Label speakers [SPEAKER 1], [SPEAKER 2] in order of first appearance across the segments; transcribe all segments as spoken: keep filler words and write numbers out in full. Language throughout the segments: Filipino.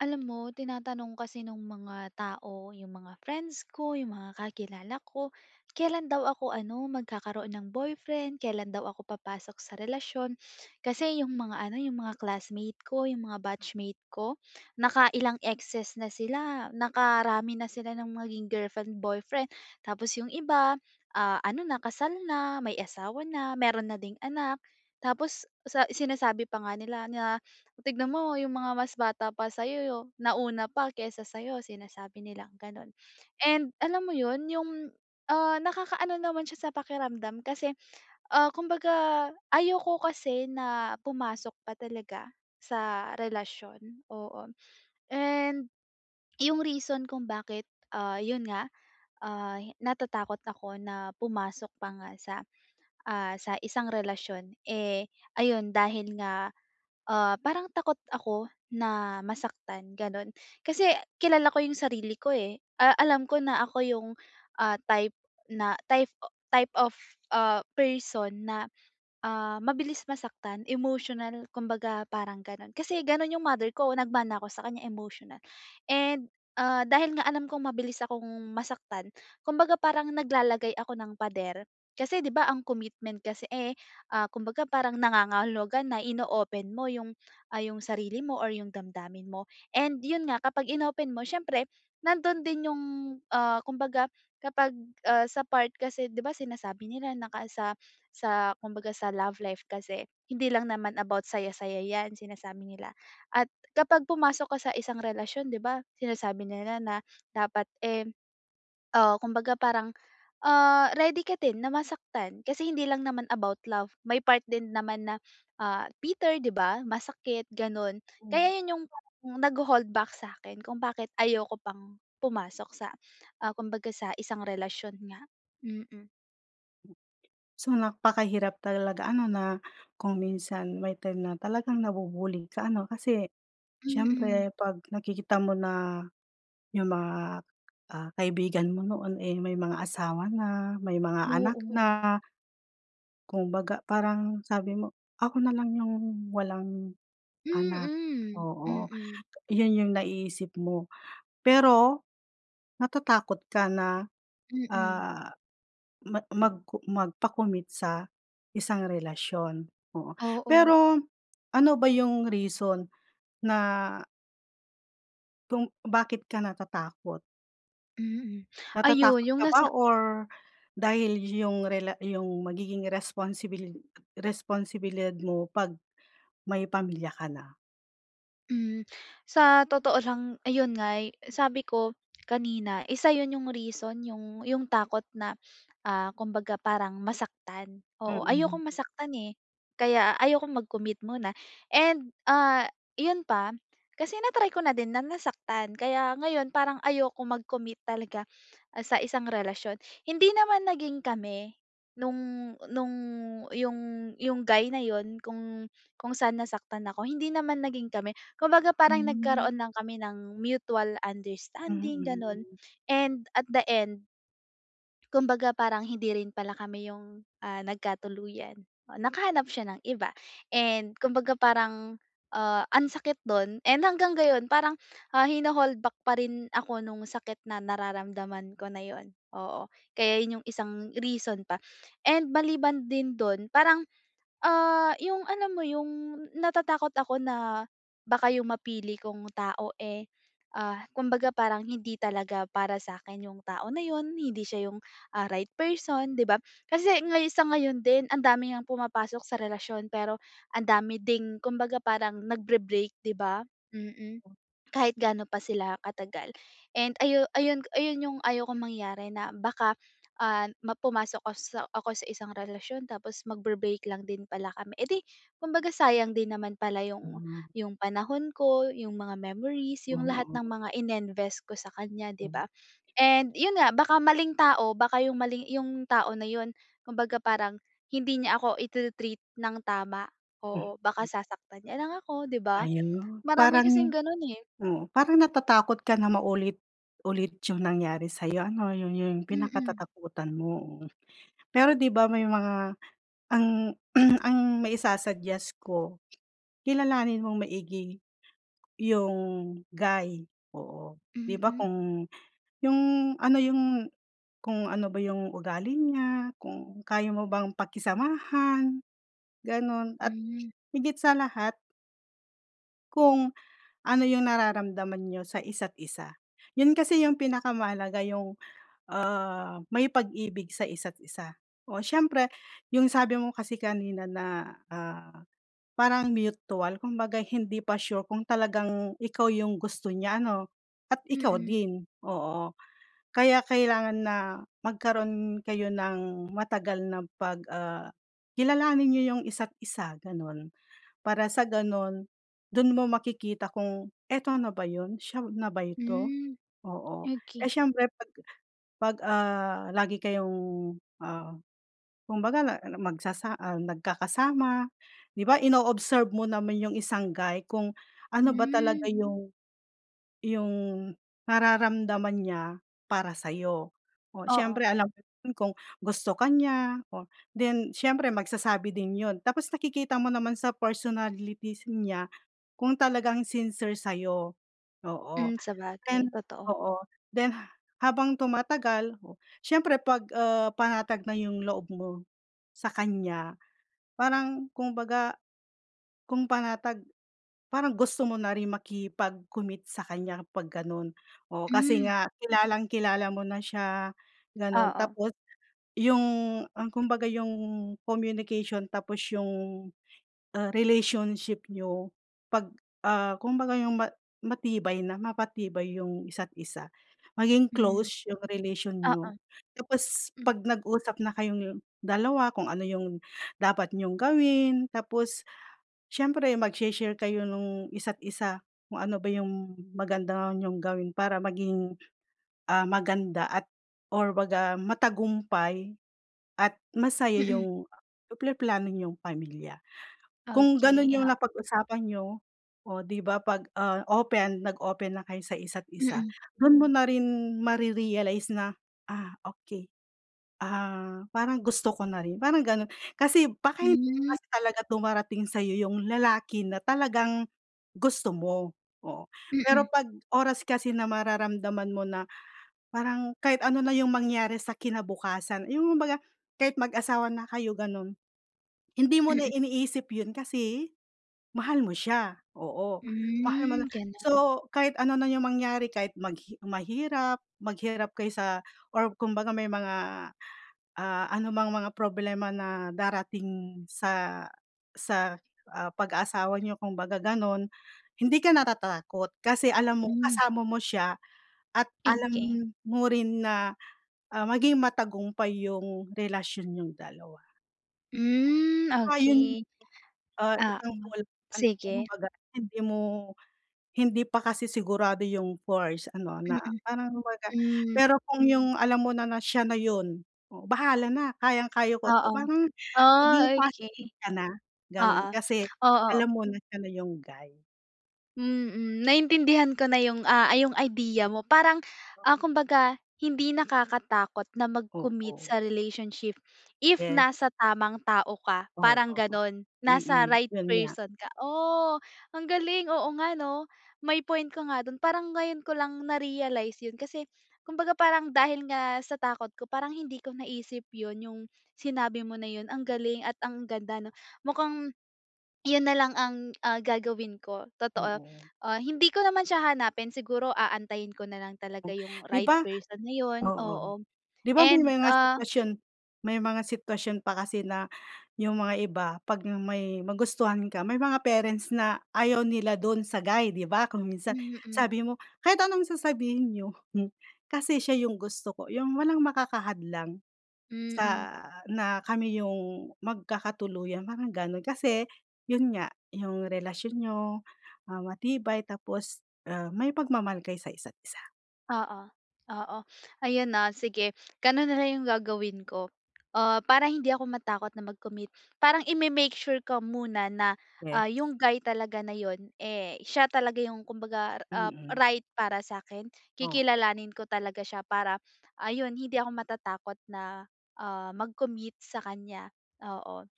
[SPEAKER 1] Alam mo tinatanong kasi nung mga tao, yung mga friends ko, yung mga kakilala ko, kelan daw ako ano, magkakaroon ng boyfriend, kelan daw ako papasok sa relasyon. Kasi yung mga ano, yung mga classmate ko, yung mga batchmate ko, nakailang exes na sila, nakarami na sila ng maging girlfriend, boyfriend. Tapos yung iba, ah, ano na kasal na, may asawa na, meron na ding anak. Tapos sa sinasabi pa nga nila na, "Tignan mo yung mga mas bata pa sa'yo yo nauna pa kaysa sa'yo," sinasabi nilang ganun. And, alam mo yun, yung, ah, nakakaano naman siya sa pakiramdam. Kasi, ah, kumbaga ayoko kasi na pumasok pa talaga sa relasyon. Oo. And yung reason kung bakit, ah, yun nga, ah, hi natatakot ako na pumasok pa nga sa, ah, sa isang relasyon. Eh, ayon dahil nga, ah, parang takot ako na masaktan, gano'n. Kasi kilala ko yung sarili ko, eh, ah, alam ko na ako yung, ah, type na type o type of, ah, person na, ah, mabilis masaktan, emotional, kumbaga parang ganun. Kasi ganun yung mother ko, nagmana ako sa kanya, emotional, and, ah, dahil nga alam kong mabilis akong masaktan, kumbaga parang naglalagay ako ng pader. Kasi di ba ang commitment kasi, eh, ah, kumbaga parang nangangahulugan na ino-open mo yung, ah, yung sarili mo or yung damdamin mo, and yun nga kapag inopen mo syempre nandun din yung, ah, kumbaga kapag, ah, sa part kasi, di ba, sinasabi nila naka sa sa kumbaga sa love life kasi, hindi lang naman about saya-saya yan, sinasabi nila. At kapag pumasok ka sa isang relasyon di ba sinasabi nila na dapat, eh, ah, kumbaga parang, ah, ready ka din na masaktan. Kasi hindi lang naman about love may part din naman na, ah, bitter, di ba, masakit, ganun.
[SPEAKER 2] Hmm.
[SPEAKER 1] Kaya yun yung parang nagho-hold back sa'kin kung bakit ayoko pang pumasok sa, ah, kumbaga sa isang relasyon nga. Mm.
[SPEAKER 2] So, napakahirap talaga ano na kung minsan may time na talagang nabu-bully ka ano kasi,
[SPEAKER 1] Mm.
[SPEAKER 2] siyempre pag nakikita mo na, yung mga, ah, kaibigan mo noon, eh, may mga asawa na, may mga anak
[SPEAKER 1] Oo.
[SPEAKER 2] na kumbaga parang sabi mo, "Ako na lang yung walang anak,"
[SPEAKER 1] Mm,
[SPEAKER 2] oo,
[SPEAKER 1] mm.
[SPEAKER 2] 'yon yung naiisip mo. Pero, natatakot ka na,
[SPEAKER 1] Mm.
[SPEAKER 2] ah, ma mag co magpa-commit sa isang relasyon, oo
[SPEAKER 1] Oo.
[SPEAKER 2] pero, ano ba yung reason na kung bakit ka natatakot?
[SPEAKER 1] Mm, ayun
[SPEAKER 2] Natatakot
[SPEAKER 1] yung
[SPEAKER 2] ka ba
[SPEAKER 1] nasa
[SPEAKER 2] or dahil yung rela yung magiging responsibili responsibilidad mo pag may pamilya ka na?
[SPEAKER 1] Hmm, sa totoo lang ayun nga'y sabi ko kanina isa 'yon yung reason yung, yung takot na, ah, kumbaga parang masaktan, oo.
[SPEAKER 2] Mm.
[SPEAKER 1] Ayokong masaktan, eh, kaya ayokong mag-commit muna and, ah, 'yon pa kasi natry ko na din na nasaktan kaya ngayon parang ayokong mag-commit talaga, ah, sa isang relasyon. Hindi naman naging kami, nung, nung yung, yung guy na 'yon kung, kung san nasaktan ako. Hindi naman naging kami kumbaga parang
[SPEAKER 2] Hmm.
[SPEAKER 1] nagkaroon lang kami ng mutual understanding gano'n,
[SPEAKER 2] Mm.
[SPEAKER 1] and at the end kumbaga parang hindi rin pala kami yung, ah, nagkatuluyan, oh, nakahanap siya ng iba and kumbaga parang, ah, ang sakit do'n and hanggang ngayon parang ha hina-hold back pa rin ako nung sakit na nararamdaman ko na 'yon, oo kaya 'yon yung isang reason pa. And maliban din do'n parang, ah, yung alam mo yung natatakot ako na, baka yung mapili kong tao, eh, ah, kumbaga parang hindi talaga para sa'kin yung tao na 'yon, hindi siya yung, ah, right person, 'di ba? Kasi ngayon, sa ngayon din ang dami ngang pumapasok sa relasyon pero ang dami ding kumbaga parang nagbre-break 'di ba, mm.
[SPEAKER 2] Hmm.
[SPEAKER 1] Kahit ga'no pa sila katagal and ayu ayun ayun, yung ayaw kong mangyari na baka, ah, pumasok ako sa ako sa isang relasyon tapos magbe-break lang din pala kami, eh, di kumbaga sayang din naman pala yung,
[SPEAKER 2] Hmm.
[SPEAKER 1] yung panahon ko, yung mga memories, yung lahat
[SPEAKER 2] Mm.
[SPEAKER 1] ng mga ininvest ko sa kanya 'di
[SPEAKER 2] Hmm.
[SPEAKER 1] ba? And 'yon nga baka maling tao baka yung mali yung tao na 'yon, kumbaga parang hindi niya ako itre-treat ng tama, oo baka
[SPEAKER 2] Mhm.
[SPEAKER 1] sasaktan niya lang ako 'di ba,
[SPEAKER 2] Ayun.
[SPEAKER 1] marami kasing
[SPEAKER 2] Parang,
[SPEAKER 1] gano'n, eh.
[SPEAKER 2] oo parang natatakot ka na maulit-ulit yung nangyari sa'yo ano 'yon yung
[SPEAKER 1] Mm.
[SPEAKER 2] pinakatatakutan mo. Pero 'di ba, may mga ang ang maisa-suggest ko, kilalanin mong maigi yung guy oo. 'Di ba,
[SPEAKER 1] Mm.
[SPEAKER 2] kung yung ano yung kung ano ba yung ugali niya, kung kaya mo bang pakisamahan, gano'n at
[SPEAKER 1] Hmm.
[SPEAKER 2] higit sa lahat Kung, ano yung nararamdaman niyo sa isa't isa. Yun kasi yung pinakamahalaga yung, ah, may pag-ibig sa isa't isa. O, siyempre, yung sabi mo kasi kanina na ,ah, parang mutual kumbaga hindi pa sure kung talagang ikaw yung gusto niya ano? At ikaw
[SPEAKER 1] Mm.
[SPEAKER 2] din, oo. Kaya kailangan na magkaroon kayo ng matagal na pag, ah, kilalanin niyo yung isa't isa ganun. Para sa ganun, dun mo makikita kung eto na ba yun? Siya na ba ito?
[SPEAKER 1] Hmm.
[SPEAKER 2] Oo. Eh,
[SPEAKER 1] Oki
[SPEAKER 2] siyempre pag pag, ah, lagi kayong ah, kumbaga magsasa ah, nagkakasama 'di ba? Ino-observe mo naman yung isang guy kung ano ba
[SPEAKER 1] Hmm.
[SPEAKER 2] talaga yung yung nararamdaman niya para sayo. Oh, siyempre
[SPEAKER 1] Oo.
[SPEAKER 2] alam ko kung gusto ka niya, then siyempre magsasabi din yun. Tapos nakikita mo naman sa personalities niya kung talagang sincere sayo. Oo,
[SPEAKER 1] Hmm. Sabagay, totoo.
[SPEAKER 2] oo. Then habang tumatagal siyempre pag, ah, panatag na yung loob mo sakanya, parang kumbaga kung panatag parang gusto mo na rin makipag-commit sakanya pag ganun, oo. Kasi
[SPEAKER 1] Hmm.
[SPEAKER 2] nga kilalang-kilala mo na siya ganun.
[SPEAKER 1] Oo.
[SPEAKER 2] Tapos, yung, ah, kumbaga yung communication tapos yung, ah, relationship niyo pag ah, kumbaga yung ma matibay na mapatibay yung isa't isa. Maging
[SPEAKER 1] Hmm.
[SPEAKER 2] close yung relation
[SPEAKER 1] Oo.
[SPEAKER 2] niyo. Tapos
[SPEAKER 1] Hmm.
[SPEAKER 2] pag nag-usap na kayong dalawa, kung ano yung dapat niyong gawin tapos, siyempre magshe-share kayo nung isa't isa kung ano ba yung maganda niyong gawin. Para maging, ah, maganda at or baga matagumpay, at masaya
[SPEAKER 1] Mm.
[SPEAKER 2] yung plano niyong pamilya. Kung ganun
[SPEAKER 1] Okey,
[SPEAKER 2] yung
[SPEAKER 1] ah.
[SPEAKER 2] napag-usapan niyo o 'di ba? Pag, ah, open nag-open na kayo sa isa't isa
[SPEAKER 1] Mm.
[SPEAKER 2] dun mo na rin marerealize na, ah, okey, ah, parang gusto ko na rin, parang ganun. Kasi baka hindi
[SPEAKER 1] Hmm.
[SPEAKER 2] kasi talaga dumarating sayo yung lalaki na talagang gusto mo, oo. Pero
[SPEAKER 1] Mm.
[SPEAKER 2] pag oras kasi na mararamdaman mo na parang kahit ano na yung mangyari sa kinabukasan yung baga kahit mag-asawa na kayo ganun, hindi mo na
[SPEAKER 1] Mm.
[SPEAKER 2] iniisip yun kasi mahal mo siya, oo. Mahal mo
[SPEAKER 1] Hmm.
[SPEAKER 2] na
[SPEAKER 1] Ganun.
[SPEAKER 2] so kahit ano na yung mangyari kahit mahirap maghirap kaysa or kumbaga may mga, ah, anumang mga problema na darating sa sa, ah, pag-asawa niyo kumbaga ganun. Hindi ka natatakot, kasi alam mo
[SPEAKER 1] Hmm.
[SPEAKER 2] kasama mo siya at alam
[SPEAKER 1] Sige.
[SPEAKER 2] mo rin na, ah, maging matagumpay yung relasyon niyong dalawa.
[SPEAKER 1] Hmm.
[SPEAKER 2] Tsaka yun,
[SPEAKER 1] Oki.
[SPEAKER 2] ah,
[SPEAKER 1] Oo,
[SPEAKER 2] isang ano
[SPEAKER 1] sige.
[SPEAKER 2] kumbaga hindi mo, hindi pa kasi sigurado yung first ano na,
[SPEAKER 1] Mm.
[SPEAKER 2] parang kumbaga
[SPEAKER 1] Hmm.
[SPEAKER 2] pero kung yung alam mo na na siya na yun, oo. Bahala na kayang-kaya ko
[SPEAKER 1] Oo.
[SPEAKER 2] 'to parang
[SPEAKER 1] Oh,
[SPEAKER 2] maging
[SPEAKER 1] okey.
[SPEAKER 2] positive ka na ganon
[SPEAKER 1] Oo,
[SPEAKER 2] kasi
[SPEAKER 1] oo.
[SPEAKER 2] alam mo na siya na yung guy.
[SPEAKER 1] Mhm. Naintindihan ko na yung, ah, yung idea mo. Parang ah, kumbaga hindi nakakatakot na mag-commit
[SPEAKER 2] Oo.
[SPEAKER 1] sa relationship. If
[SPEAKER 2] Yes.
[SPEAKER 1] nasa tamang tao ka, parang
[SPEAKER 2] Oo.
[SPEAKER 1] ganun. Nasa
[SPEAKER 2] Mm,
[SPEAKER 1] right
[SPEAKER 2] yun nga.
[SPEAKER 1] person ka. O ang galing, oo nga 'no? May point ka nga dun. Parang ngayon ko lang na-realize yun. Kasi kumbaga parang dahil nga sa takot ko. Parang hindi ko naisip yun yung sinabi mo na yun, ang galing at ang ganda 'no. Mukhang yun na lang ang ah, gagawin ko, totoo.
[SPEAKER 2] Oo.
[SPEAKER 1] Ah, hindi ko naman siya hanapin siguro aantayin ko nalang talaga yung
[SPEAKER 2] Di
[SPEAKER 1] right
[SPEAKER 2] ba?
[SPEAKER 1] person na yun,
[SPEAKER 2] Oo.'Di
[SPEAKER 1] oo,
[SPEAKER 2] ba may
[SPEAKER 1] and
[SPEAKER 2] mga
[SPEAKER 1] ah
[SPEAKER 2] sitwasyon may mga sitwasyon pa kasi na yung mga iba pag may magustuhan ka, may mga parents na ayaw nila dun sa guy 'di ba? Kung minsan
[SPEAKER 1] Mm.
[SPEAKER 2] sabi mo, kahit anong sasabihin niyo, kasi siya yung gusto ko. Yung walang makaka hadlang
[SPEAKER 1] Mm.
[SPEAKER 2] sa na kami yung magkakatuluyan, parang ganun. Kasi yun nga, yung relasyon niyo, ah, matibay tapos, ah, may pagmamahal kayo sa isa't isa.
[SPEAKER 1] Oo, oo. Ayun no, sige ganun nalang yung gagawin ko. Ah, para hindi ako matakot na mag-commit. Parang i-me-make sure ko muna na,
[SPEAKER 2] Yes.
[SPEAKER 1] ah, yung guy talaga na yun, eh, siya talaga yung kumbaga, ah,
[SPEAKER 2] Mm.
[SPEAKER 1] right para sakin.
[SPEAKER 2] Oo.
[SPEAKER 1] Kikilalanin ko talaga siya para ayun hindi ako matatakot na, ah, mag-commit sakanya, oo.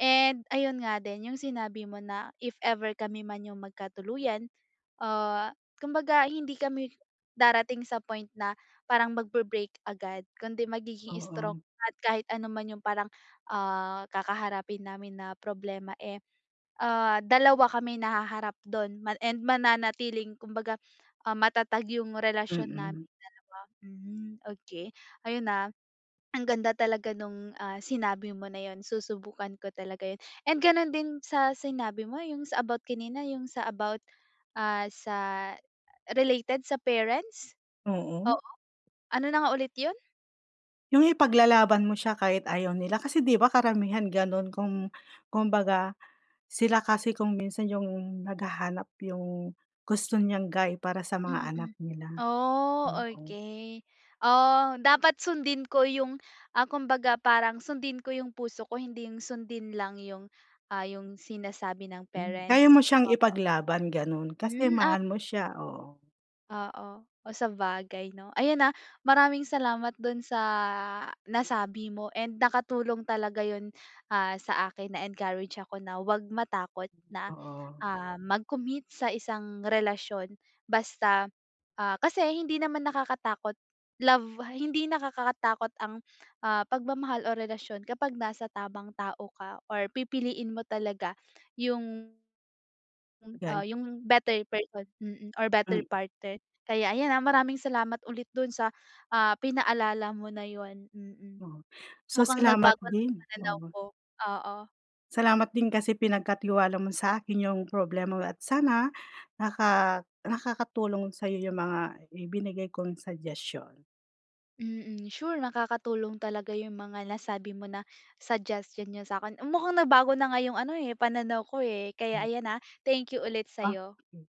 [SPEAKER 1] And ayun nga din yung sinabi mo na if ever kami man yung magkatuluyan, ah, kumbaga hindi kami darating sa point na parang magbre-break agad. Kundi magiging strong
[SPEAKER 2] Oo.
[SPEAKER 1] at kahit ano man yung parang, ah, kakaharapin namin na problema, eh, ah, dalawa kami na haharap dun ma and mananatiling kumbaga, ah, matatag yung relasyon namin
[SPEAKER 2] Mm.
[SPEAKER 1] dalawa. Hmm, okey ayun na. Ang ganda talaga nung, ah, sinabi mo na yun, susubukan ko talaga yun. And ganun din sa sinabi mo yung sa about kanina, yung sa about, ah, sa related sa parents?
[SPEAKER 2] Oo.
[SPEAKER 1] Oo? ano na nga ulit yun?
[SPEAKER 2] Yung ipaglalaban mo siya, kahit ayaw nila kasi, 'di ba karamihan ganun kung, kungbaga, sila kasi kung minsan yung naghahanap yung gusto niyang guy para sa mga anak
[SPEAKER 1] Mm
[SPEAKER 2] nila.
[SPEAKER 1] Oh,
[SPEAKER 2] Oo.
[SPEAKER 1] okey. Oh, dapat sundin ko yung, ah, kumbaga parang, sundin ko yung puso ko, hindi yung sundin lang yung, ah, yung sinasabi ng
[SPEAKER 2] Mm Kaya
[SPEAKER 1] parents.
[SPEAKER 2] mo siyang
[SPEAKER 1] Oo.
[SPEAKER 2] ipaglaban. Ganun, kasi
[SPEAKER 1] Hmm, at
[SPEAKER 2] mahal mo siya, oo.
[SPEAKER 1] Oo. Oh, sabagay 'no? Ayan, ah, maraming salamat dun sa nasabi mo, and nakatulong talaga yun, ah, sa akin. Na-encourage ako na 'wag matakot na,
[SPEAKER 2] Mm Oo.
[SPEAKER 1] ah, mag-commit sa isang relasyon. Basta ah, kasi hindi naman nakakatakot love, hindi nakakakatakot ang, ah, pagmamahal o relasyon kapag nasa tamang tao ka or pipiliin mo talaga yung ah,
[SPEAKER 2] [unintelligible]
[SPEAKER 1] yung better person, mm, or better
[SPEAKER 2] Mm.
[SPEAKER 1] partner. Kaya ayan, ah, maraming salamat ulit, dun sa, ah, pinaalala mo na yun. Mm.
[SPEAKER 2] Oo. So
[SPEAKER 1] Mukhang
[SPEAKER 2] salamat
[SPEAKER 1] nagbago na yung
[SPEAKER 2] din,
[SPEAKER 1] pananaw
[SPEAKER 2] oo.
[SPEAKER 1] ko. Oo.
[SPEAKER 2] Salamat din kasi pinagkatiwala mo sa akin yung problema mo, at sana naka nakakatulong sa'yo yung mga ibinigay kong suggestion.
[SPEAKER 1] Mm, sure. Nakakatulong talaga yung mga nasabi mo na suggestion n'yo sa akin. Mm mukhang nabago na ngayong, ano, eh. Pananaw ko, eh, kaya
[SPEAKER 2] Mm.
[SPEAKER 1] ayan, ah, thank you ulit sa
[SPEAKER 2] A
[SPEAKER 1] iyo.
[SPEAKER 2] okey.